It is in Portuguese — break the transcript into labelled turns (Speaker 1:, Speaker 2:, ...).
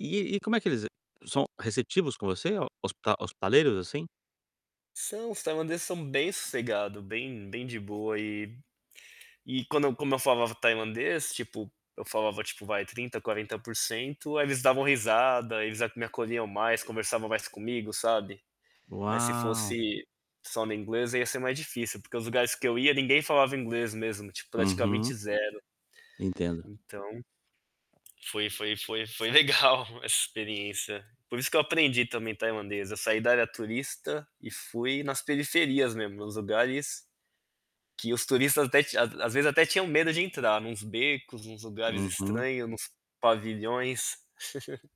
Speaker 1: E e como é que eles e são receptivos com você? Hospita hospitaleiros, assim?
Speaker 2: São, são [unintelligible] são bem sossegado, bem, bem de boa. E e quando eu como eu falava tailandês, tipo, eu falava, tipo, vai 30 a 40%, aí eles davam risada, eles ac me acolhiam mais, conversavam mais comigo, sabe. Mas se
Speaker 1: Uau!
Speaker 2: fosse só no inglês aí ia ser mais difícil, porque os lugares que eu ia ninguém falava inglês mesmo tipo
Speaker 1: Uhum.
Speaker 2: praticamente 0.
Speaker 1: Entendo.
Speaker 2: Então foi foi foi foi legal essa experiência. Por isso que eu aprendi também tailandês. Eu saí da área turista e fui nas periferias mesmo, nos lugares que os turistas até te às vezes, até tinham medo de entrar, em uns becos, em uns lugares
Speaker 1: Uhum.
Speaker 2: estranho, em uns pavilhões.